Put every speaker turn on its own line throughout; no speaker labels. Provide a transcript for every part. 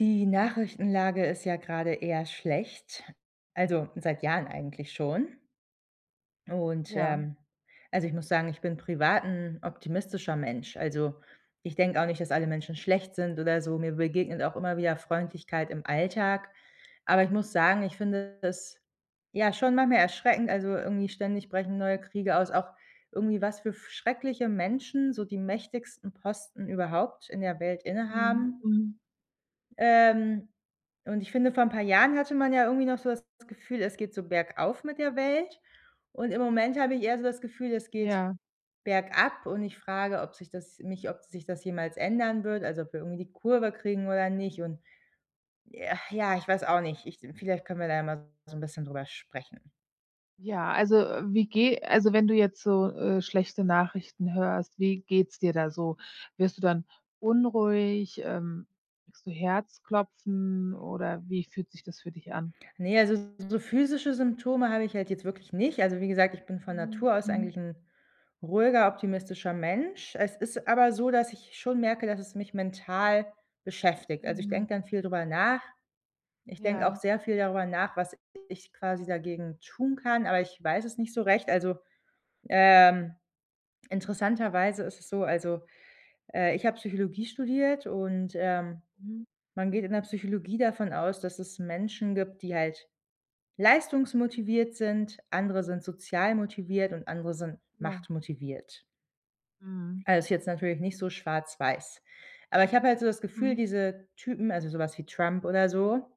Die Nachrichtenlage ist ja gerade eher schlecht, also, seit Jahren eigentlich schon. Und
Ja.
ähm, also, ich muss sagen, ich bin privat 'n optimistischer Mensch. Also, ich denke auch nicht, dass alle Menschen schlecht sind oder so, mir begegnet auch immer wieder Freundlichkeit im Alltag. Aber ich muss sagen, ich finde das, ja, schon manchmal erschreckend also, irgendwie ständig brechen neue Kriege aus auch irgendwie was für schreckliche Menschen so die mächtigsten Posten überhaupt in der Welt inne
Mhm.
haben.
Mhm.
Ähm, und ich finde, vor 'n paar Jahren hatte man ja irgendwie noch so das Gefühl, es geht so bergauf mit der Welt. Und im Moment habe ich eher so das Gefühl, es geht
Ja.
bergab und ich frage, ob sich das nicht ob sich das jemals ändern wird also, ob wir irgendwie die Kurve kriegen oder nicht und äh, ja, ich weiß auch nicht, ich vielleicht können wir da mal so 'n bisschen darüber sprechen.
Ja, also, wie geh also, wenn du jetzt so, äh, schlechte Nachrichten hörst, wie geht's dir da so? Wirst du dann unruhig, ähm, kriegst du Herzklopfen, oder wie fühlt sich das für dich an?
Ne, also, so physische Symptome habe ich halt jetzt wirklich nicht. Also, wie gesagt, ich bin von
Mhm.
Natur aus
Mhm.
eigentlich 'n ruhiger, optimistischer Mensch. Es ist aber so, dass ich schon merke, dass es mich mental beschäftigt. Also, ich
Mhm.
denke dann viel darüber nach. Ich denke auch
Ja.
sehr viel darüber nach, was ich quasi dagegen tun kann, aber ich weiß es nicht so recht. Also, ähm, interessanterweise ist es so also, äh, ich habe Psychologie studiert und, ähm,
Mhm.
man geht in der Psychologie davon aus, dass es Menschen gibt, die halt leistungsmotiviert sind, andere sind sozial motiviert und andere sind
Ja.
machtmotiviert.
Mhm.
Äh, ist jetzt natürlich nicht so schwarz-weiß. Aber ich habe halt so das Gefühl,
Mhm.
diese Typen, also, sowas wie Trump oder so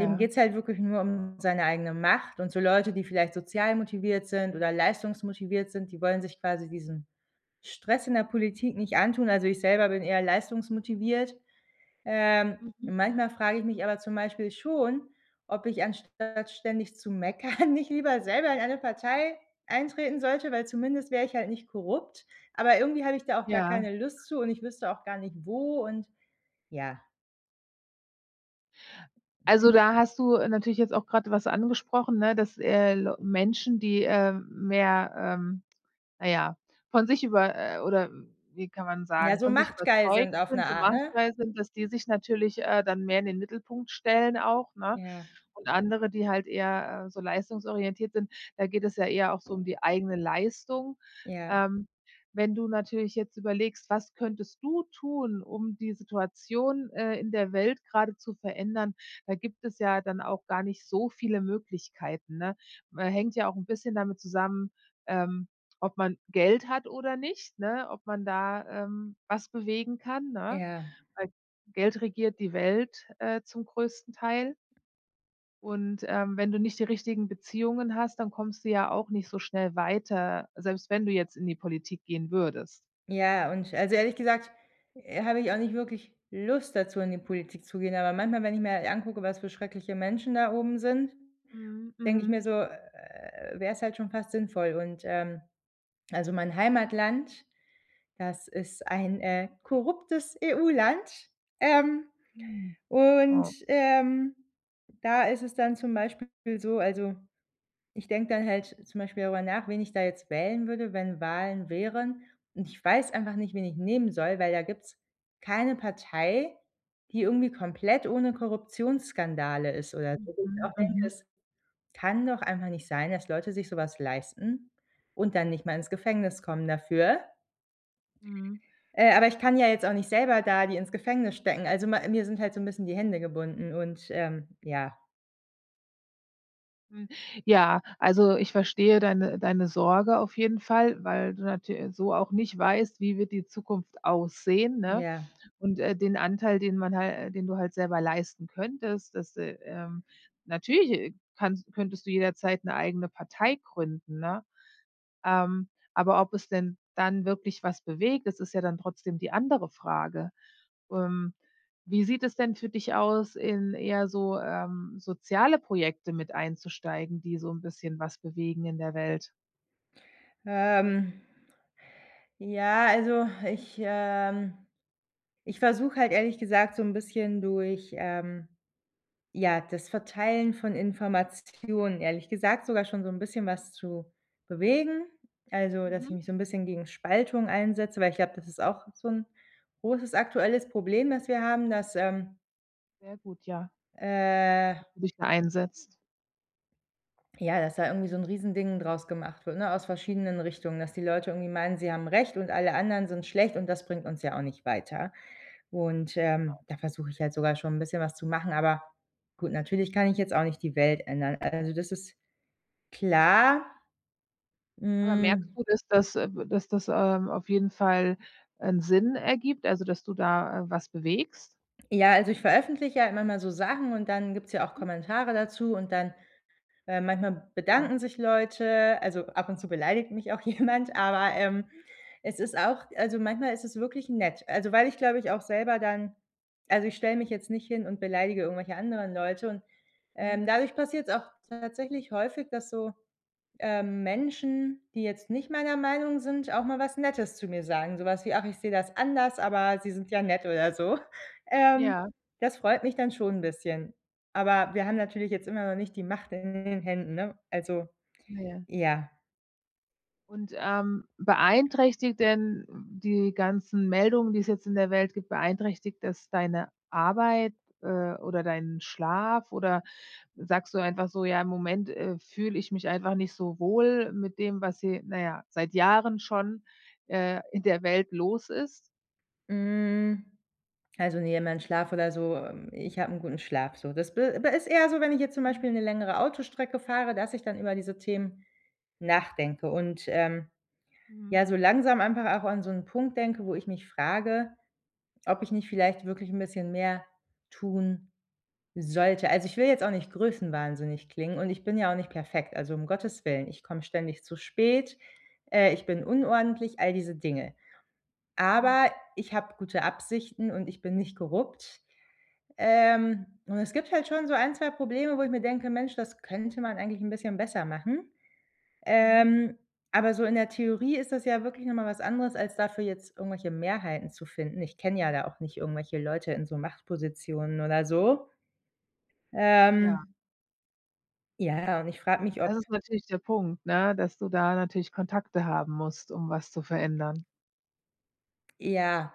dem geht's halt wirklich nur um seine eigene Macht und so Leute, die vielleicht sozial motiviert sind oder leistungsmotiviert sind, die wollen sich quasi diesen Stress in der Politik nicht antun. Also, ich selber bin eher leistungsmotiviert. Ähm,
Mhm.
manchmal frage ich mich aber zum Beispiel schon, ob ich anstatt ständig zu meckern nicht lieber selber in eine Partei eintreten sollte, weil zumindest wäre ich halt nicht korrupt, aber irgendwie habe ich da auch gar
Ja.
keine Lust zu und ich wüsste auch gar nicht wo und ja.
Also, da hast du, äh, natürlich jetzt auch gerade was angesprochen, ne, dass, äh, Leu Menschen, die, äh, mehr ähm, naja, von sich über äh, oder wie kann man
Ja,
sagen,
so
von sich
machtgeil
überzeugt
sind auf 'ne
sind, so
Art, ne?
machtgeil sind, dass die sich natürlich, äh, dann mehr in den Mittelpunkt stellen auch, ne?
Ja.
Und andere, die halt eher, äh, so leistungsorientiert sind, da geht es ja eher auch so um die eigene Leistung.
Ja.
Ähm, wenn du natürlich jetzt überlegst, was könntest du tun, um die Situation, äh, in der Welt gerade zu verändern, da gibt es ja dann auch gar nicht so viele Möglichkeiten, ne? Ma hängt ja auch 'n bisschen damit zusammen, ähm, ob man Geld hat oder nicht, ne, ob man da, ähm, was bewegen kann, ne?
Ja.
Weil Geld regiert die Welt, äh, zum größten Teil. Und, ähm, wenn du nicht die richtigen Beziehungen hast, dann kommst du ja auch nicht so schnell weiter, selbst wenn du jetzt in die Politik gehen würdest.
Ja, und also, ehrlich gesagt, äh, habe ich auch nicht wirklich Lust dazu, in die Politik zu gehen. Aber manchmal, wenn ich mir halt angucke, was für schreckliche Menschen da oben sind,
Mhm,
denke ich
mhm.
mir so, äh, wäre es halt schon fast sinnvoll. Und, ähm, also, mein Heimatland, das ist ein, äh, korruptes EU-Land. Ähm,
Mhm.
und,
Oh.
ähm, da ist es dann zum Beispiel so also, ich denke dann halt zum Beispiel darüber nach, wen ich da jetzt wählen würde, wenn Wahlen wären. Und ich weiß einfach nicht, wen ich nehmen soll, weil da gibt's keine Partei, die irgendwie komplett ohne Korruptionsskandale ist oder so. Wo ich
Mhm,
auch denke:
mhm.
„Es kann doch einfach nicht sein, dass Leute sich sowas leisten und dann nicht mal ins Gefängnis kommen dafür.“
Mhm.
Äh, aber ich kann ja jetzt auch nicht selber da die ins Gefängnis stecken. Also, ma mir sind halt so 'n bisschen die Hände gebunden und, ähm ja.
Hm. Ja. Also, ich verstehe deine deine Sorge auf jeden Fall, weil du natü so auch nicht weißt, wie wird die Zukunft aussehen, ne
Ja.
und, äh, den Anteil, den man hal den du halt selber leisten könntest, das äh, ähm, natürlich, äh, kannst könntest du jederzeit 'ne eigene Partei gründen, ne, ähm. Aber ob es denn dann wirklich was bewegt, das ist ja dann trotzdem die andere Frage. Ähm, wie sieht es denn für dich aus, in eher so, ähm, soziale Projekte mit einzusteigen, die so 'n bisschen was bewegen in der Welt?
Ähm ja, also, ich ähm, ich versuche halt ehrlich gesagt, so 'n bisschen durch, ähm, ja, das Verteilen von Informationen, ehrlich gesagt, sogar schon so 'n bisschen was zu bewegen. Also, dass ich
Mhm.
mich so 'n bisschen gegen Spaltung einsetze, weil ich glaube, das ist auch so 'n großes aktuelles Problem, das wir haben, dass, ähm
Sehr gut, ja
äh
dass du dich da einsetzt.
Ja, dass da irgendwie so 'n riesen Ding draus gemacht wird, ne, aus verschiedenen Richtungen, dass die Leute irgendwie meinen, sie haben recht und alle anderen sind schlecht und das bringt uns ja auch nicht weiter. Und, ähm,
[unintelligible]
da versuche ich halt sogar schon 'n bisschen was zu machen, aber gut, natürlich kann ich jetzt auch nicht die Welt ändern. Also, das ist klar.
Aber merkst
Hm
du, dass das, äh, b dass das, ähm, auf jeden Fall 'n Sinn ergibt, also, dass du da, äh, was bewegst?
Ja, also, ich veröffentliche ja manchmal so Sachen und dann gibt's ja auch Kommentare dazu und dann, äh, manchmal
Ja.
bedanken sich Leute. Also, ab und zu beleidigt mich auch jemand, aber,
[unintelligible]
ähm, es ist auch also, manchmal ist es wirklich nett. Also, weil ich glaube ich auch selber dann also, ich stelle mich jetzt nicht hin und beleidige irgendwelche anderen Leute und,
Mhm.
ähm, dadurch passiert's auch tatsächlich häufig, dass so, ähm, Menschen, die jetzt nicht meiner Meinung sind, auch mal was Nettes zu mir sagen, sowas wie: „Ach, ich sehe das anders, aber Sie sind ja nett.“ Oder so. Ähm,
Ja.
das freut mich dann schon 'n bisschen. Aber wir haben natürlich jetzt immer noch nicht die Macht in in den Händen, ne? Also
Ja.
ja.
Und, ähm, beeinträchtigt denn die ganzen Meldungen, die es jetzt in der Welt gibt, beeinträchtigt das deine Arbeit, äh, oder deinen Schlaf oder sagst du einfach so: „Ja, im Moment, äh, fühle ich mich einfach nicht so wohl mit dem, was hier, na ja, seit Jahren schon, äh, in der Welt los ist“?
Hm, also, ne, mein Schlaf oder so ähm, ich habe 'n guten Schlaf so. Das b aber ist eher so, wenn ich jetzt zum
[unintelligible]
Beispiel 'ne längere Autostrecke fahre, dass ich dann über diese Themen nachdenke und, ähm,
Mhm.
ja, so langsam einfach auch an so 'n Punkt denke, wo ich mich frage, ob ich nicht vielleicht wirklich 'n bisschen mehr tun sollte. Also, ich will jetzt auch nicht größenwahnsinnig klingen und ich bin ja auch nicht perfekt. Also, um Gottes Willen, ich komme ständig zu spät, äh, ich bin unordentlich, all diese Dinge.
Mhm.
Aber ich habe gute Absichten und ich bin nicht korrupt. Ähm, und es gibt halt schon so 1, 2 Probleme, wo ich mir denke: „Mensch, das könnte man eigentlich 'n bisschen besser machen.“
Mhm.
Ähm, aber so in der Theorie ist das ja wirklich nochmal was anderes, als dafür jetzt irgendwelche Mehrheiten zu finden. Ich kenne ja da auch nicht irgendwelche Leute in so Machtpositionen oder so.
Ja.
Ähm Ja, ja, und ich frage mich,
Das
ob
ist natürlich der Punkt, ne, dass du da natürlich Kontakte haben musst, um was zu verändern.
Ja.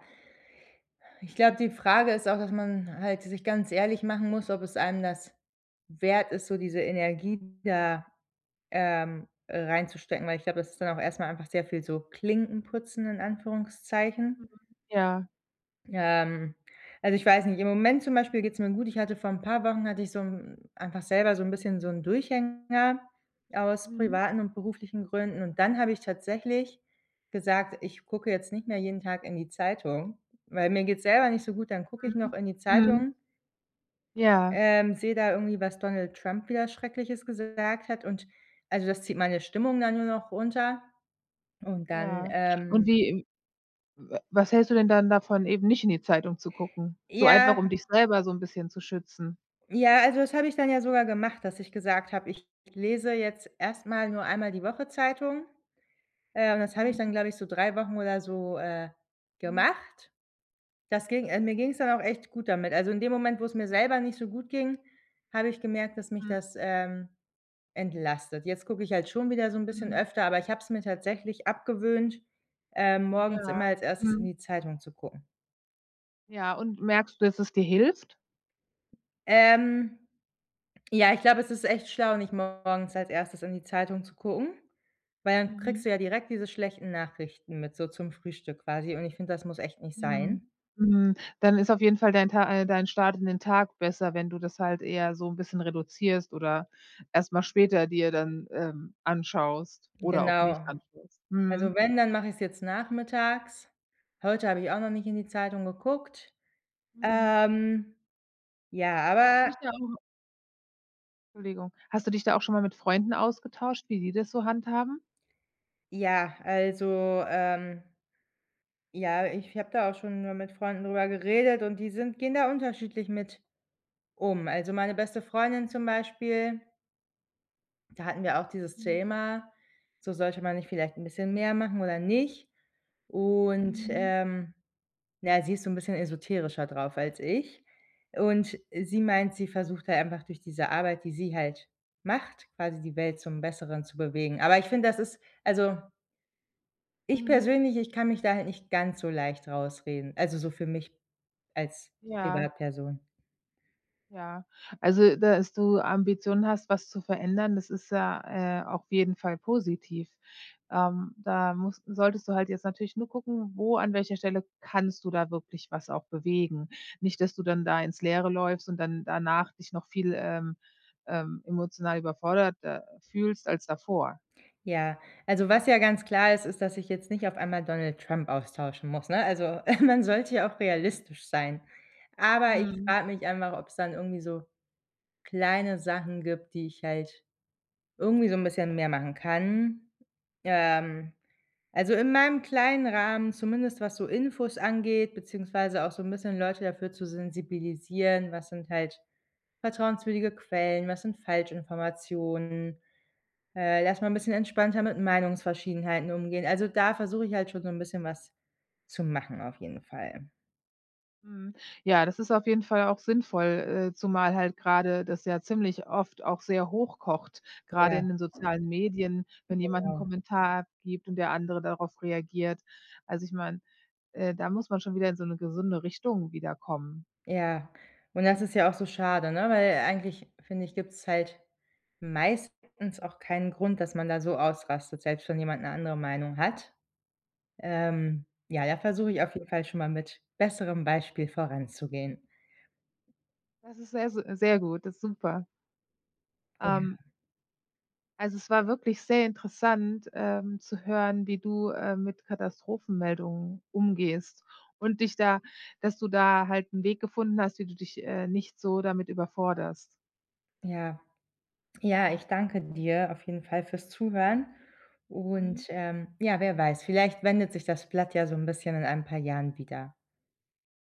Ich glaube, die Frage ist auch, dass man halt sich ganz ehrlich machen muss, ob es einem das wert ist, so diese Energie da, ähm, äh, reinzustecken, weil ich glaube, das ist dann auch erstmal einfach sehr viel so Klinken putzen in Anführungszeichen.
Mhm. Ja.
Ähm, also, ich weiß nicht im Moment zum Beispiel geht's mir gut. Ich hatte vor 'n paar Wochen hatte ich so 'n einfach selber so 'n bisschen so 'n Durchhänger aus
Mhm.
privaten und beruflichen Gründen. Und dann habe ich tatsächlich gesagt: „Ich gucke jetzt nicht mehr jeden Tag in die Zeitung, weil mir geht's selber nicht so gut, dann gucke ich noch
Mhm.
in die
Mhm.
Zeitung“
Ja.
ähm, sehe da irgendwie, was Donald Trump wieder Schreckliches gesagt hat und also, das zieht meine Stimmung dann nur noch runter und dann,
Ja. Und
ähm
wie w wa was hältst du denn dann davon, eben nicht in die Zeitung zu gucken, so einfach, um
Ja.
dich selber so 'n bisschen zu schützen?
Ja, also, das habe ich dann ja sogar gemacht, dass ich gesagt habe: „Ich lese jetzt erstmal nur einmal die Woche Zeitung.“ Äh, und das habe ich dann,
Mhm.
glaube ich so 3 Wochen oder so, äh,
Mhm.
gemacht. Das ging ähm, mir ging's dann auch echt gut damit. Also, in dem Moment, wo es mir selber nicht so gut ging, habe ich gemerkt, dass mich
Mhm.
das, ähm, entlastet. Jetzt gucke ich halt schon wieder so 'n bisschen
Mhm.
öfter, aber ich habe es mir tatsächlich abgewöhnt, ähm, morgens
Ja.
immer als erstes in
Mhm.
die Zeitung zu gucken.
Ja, und merkst du, dass es dir hilft?
Ähm, ja, ich glaube, es ist echt schlau, nicht morgens als erstes in die Zeitung zu gucken, weil dann kriegst
Mhm.
du ja direkt diese schlechten Nachrichten mit so zum Frühstück quasi, und ich finde, das muss echt nicht
Mhm.
sein.
Mhm. Dann ist auf jeden Fall dein Ta äh, dein Start in den Tag besser, wenn du das halt eher so 'n bisschen reduzierst oder erstmal später dir dann, ähm, anschaust oder auch
Genau.
nicht anschaust.
Also,
Mhm.
wenn, dann mache ich es jetzt nachmittags. Heute habe ich auch noch nicht in die Zeitung geguckt.
Mhm.
Ähm, ja,
Hast du
aber
nicht da auch Entschuldigung. Hast du dich da auch schon mal mit Freunden ausgetauscht, wie die das so handhaben?
Ja, also, ähm Ja, ich habe da auch schon mal mit Freunden drüber geredet, und die sind gehen da unterschiedlich mit um. Also, meine beste Freundin zum Beispiel da hatten wir auch dieses
Mhm.
Thema, so sollte man nicht vielleicht 'n bisschen mehr machen oder nicht. Und,
Mhm.
ähm, ja, sie ist so 'n bisschen esoterischer drauf als ich. Und sie meint, sie versucht halt einfach durch diese Arbeit, die sie halt macht, quasi die Welt zum Besseren zu bewegen. Aber ich finde, das ist also Ich
Mhm.
persönlich, ich kann mich da halt nicht ganz so leicht rausreden. Also, so für mich als
Ja.
Privatperson.
Ja. Also, dass du Ambitionen hast, was zu verändern, das ist ja, äh, auf jeden Fall positiv. Ähm, da muss solltest du halt jetzt natürlich nur gucken, wo an welcher Stelle kannst du da wirklich was auch bewegen. Nicht, dass du dann da ins Leere läufst und dann danach dich noch viel, ähm, ähm, emotional überforderter fühlst als davor.
Ja, also, was ja ganz klar ist, ist, dass ich jetzt nicht auf einmal Donald Trump austauschen muss, ne? Also, man sollte ja auch realistisch sein. Aber ich
Mhm.
frage mich einfach, ob's dann irgendwie so kleine Sachen gibt, die ich halt irgendwie so 'n bisschen mehr machen kann, ähm. Also, in meinem kleinen Rahmen, zumindest was so Infos angeht, beziehungsweise auch so 'n bisschen Leute dafür zu sensibilisieren, was sind halt vertrauenswürdige Quellen, was sind Falschinformationen. Äh, dass man 'n bisschen entspannter mit Meinungsverschiedenheiten umgehen. Also, da versuche ich halt schon so 'n bisschen was zu machen, auf jeden Fall.
Mhm, ja, das ist auf jeden Fall auch sinnvoll, äh, zumal halt gerade das ja ziemlich oft auch sehr hoch kocht, gerade
Ja.
in den sozialen Medien, wenn jemand 'nen
Genau.
Kommentar abgibt und der andere darauf reagiert. Also, ich meine, äh, da muss man schon wieder in so 'ne gesunde Richtung wieder kommen.
Ja. Und das ist ja auch so schade, ne? Weil eigentlich finde ich, gibt's halt meistens auch keinen Grund, dass man da so ausrastet, selbst wenn jemand 'ne andere Meinung hat. Ähm ja, da versuche ich auf jeden
[unintelligible]
Fall schon mal mit besserem Beispiel voranzugehen.
Das ist sehr, se sehr gut, das ist super. Ähm.
Ja.
Also, es war wirklich sehr interessant, ähm, zu hören, wie du, äh, mit Katastrophenmeldungen umgehst und dich da dass du da halt 'n Weg gefunden hast, wie du dich, äh, nicht so damit überforderst.
Ja. Ja, ich danke dir auf jeden Fall fürs Zuhören
Mhm.
und, ähm, ja, wer weiß, vielleicht wendet sich das Blatt ja so 'n bisschen in ein paar Jahren wieder.